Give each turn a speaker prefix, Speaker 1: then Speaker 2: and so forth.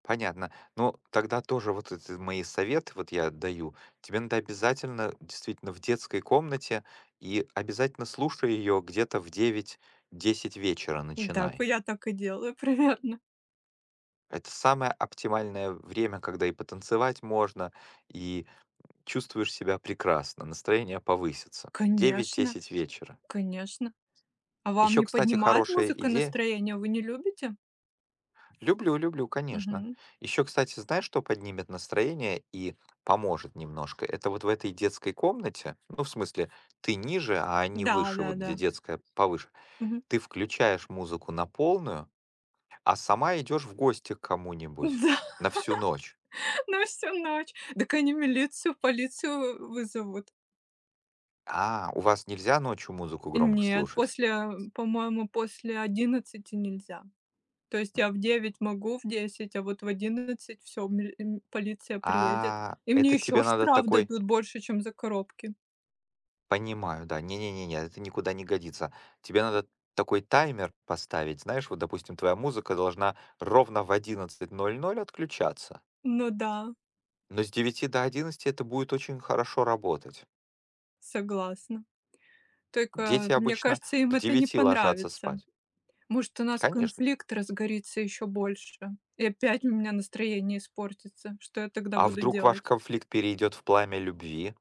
Speaker 1: Понятно. Ну, тогда тоже вот это мои советы вот я даю: тебе надо обязательно действительно в детской комнате, и обязательно слушай ее где-то в 9-10 вечера
Speaker 2: Да, к э,
Speaker 1: начинай.
Speaker 2: я так и делаю, примерно.
Speaker 1: Это самое оптимальное время, когда и потанцевать можно, и, м, чувствуешь себя прекрасно, настроение повысится. девять
Speaker 2: Конечно.
Speaker 1: десять вечера.
Speaker 2: Конечно. А вам
Speaker 1: Ещё,
Speaker 2: не
Speaker 1: кстати,
Speaker 2: поднимает
Speaker 1: хорошая
Speaker 2: музыка
Speaker 1: идея
Speaker 2: настроение? Вы не любите?
Speaker 1: Люблю, люблю, конечно.
Speaker 2: Мгм.
Speaker 1: Ещё, кстати, знаешь, что поднимет настроение и поможет немножко? Это вот в этой детской комнате, ну, в смысле, ты ниже, а не
Speaker 2: Да,
Speaker 1: выше,
Speaker 2: да,
Speaker 1: вот где
Speaker 2: да.
Speaker 1: детская повыше,
Speaker 2: Мгм.
Speaker 1: ты включаешь музыку на полную, а сама идёшь в гости к
Speaker 2: Да.
Speaker 1: кому-нибудь на всю ночь.
Speaker 2: На всю ночь. Дак они милицию, полицию у вызовут.
Speaker 1: А, у вас нельзя ночью музыку громко
Speaker 2: Нет,
Speaker 1: слушать?
Speaker 2: после, э, по-моему, после 11 нельзя. То есть я в 9 могу, в 10, а вот в 11- всё, миль м полиция приедет.
Speaker 1: А,
Speaker 2: И мне
Speaker 1: это
Speaker 2: ещё
Speaker 1: тебе надо
Speaker 2: штраф
Speaker 1: такой
Speaker 2: дадут больше, чем за коробки.
Speaker 1: Понимаю, да. Не-не-не-не, это никуда не годится. Тебе надо такой таймер поставить. Знаешь, вот, допустим, твоя музыка должна ровно в 11:00 отключаться.
Speaker 2: Ну да.
Speaker 1: Но с 9 до 11 это будет очень хорошо работать.
Speaker 2: Согласна. Так, э,
Speaker 1: Дети
Speaker 2: мне
Speaker 1: обычно
Speaker 2: кажется, им
Speaker 1: к
Speaker 2: это не
Speaker 1: 9 ложатся
Speaker 2: понравится.
Speaker 1: спать.
Speaker 2: Может, у нас
Speaker 1: Конечно.
Speaker 2: конфликт разгорится ещё больше и опять у меня настроение испортится. Что я тогда
Speaker 1: А
Speaker 2: буду
Speaker 1: вдруг ваш
Speaker 2: делать?
Speaker 1: конфликт перейдет в пламя любви?